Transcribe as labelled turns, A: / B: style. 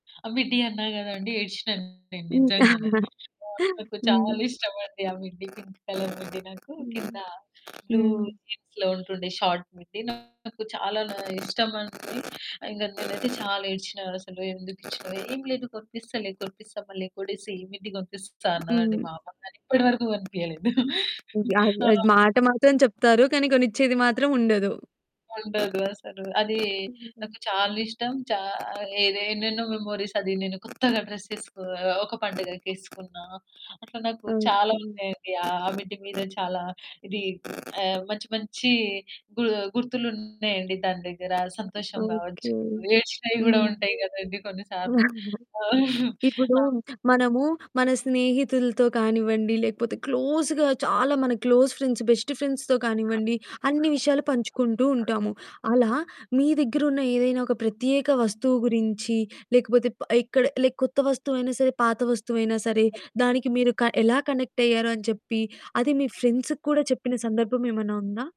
A: ఆ! మిడ్డి అన్నా కదా అండి ఏడిసినాను నేను
B: ఇంకా
A: నిజంగానే. ఆహ్, నాకు చాలా
B: హ్మ్.
A: ఇష్టమండి. ఆ మిడ్డి, పింక్ కలర్ మిడ్డి నాకు కింద
B: హ్మ్.
A: బ్లూ
B: హ్మ్.
A: జీన్స్‌లో ఉంటుండే షార్ట్ మిడ్డి నాకు చాలా ఇష్టమండి. ఇంగ నేనైతే చాలా ఏడ్చినా. అసలెందుకిచ్చినావు? ఏమి లేదు కొనిపిస్తాలే కొనిపిస్తా మళ్ళీ కొడిసి మిడ్డి కొనిపిస్తా అన్నదండి
B: హ్మ్.
A: మా అమ్మ కానీ ఇప్పటి వరకు కొనిపియలేదు.
B: వ్యాగు
A: ఆ!
B: అది మాట మాత్రం చెప్తారు. కానీ కొనిచ్చేది మాత్రం ఉండదు.
A: ఉండదు అసలు. అది.
B: హ్మ్.
A: నాకు చాలిష్టం, చా ఎదో ఎన్నెన్నో మెమోరీస్ అది నేను కొత్తగా డ్రెస్సెసుకు ఒక పండుగకేసుకున్న అట్లా నాకు చాలా
B: ఓకే.
A: ఉన్నాయండి. ఆ మిడ్డి మీదే చాలా ఇది, ఆహ్ మంచి మంచి గు గుర్తులున్నాయండి దాని దగ్గర సంతోషం
B: ఓకే.
A: కావచ్చు, ఏడ్చినవి కూడా
B: హ్మ్.
A: ఉంటాయి కదండీ కొన్ని సార్లు. ఆ!
B: ఇప్పుడు
A: ఆ!
B: మనము మన స్నేహితులతో కానివ్వండి, లేకపోతే క్లోజ్‌గా చాలా మన క్లోజ్ ఫ్రెండ్స్, బెస్ట్ ఫ్రెండ్స్‌తో కానివ్వండి, అన్ని విషయాలు పంచుకుంటూ ఉంటాము. అలా మీ దగ్గరున్న ఏదైనా ఒక ప్రత్యేక వస్తువు గురించి, లేకపోతే ప ఇక్కడ లైక్ కొత్త వస్తువైనా సరే, పాత వస్తువైనా సరే, దానికి మీరు క ఎలా కనెక్ట్ అయ్యారు అని చెప్పి అది మీ ఫ్రెండ్సుకి కూడా చెప్పిన సందర్భం ఏమైనా ఉందా?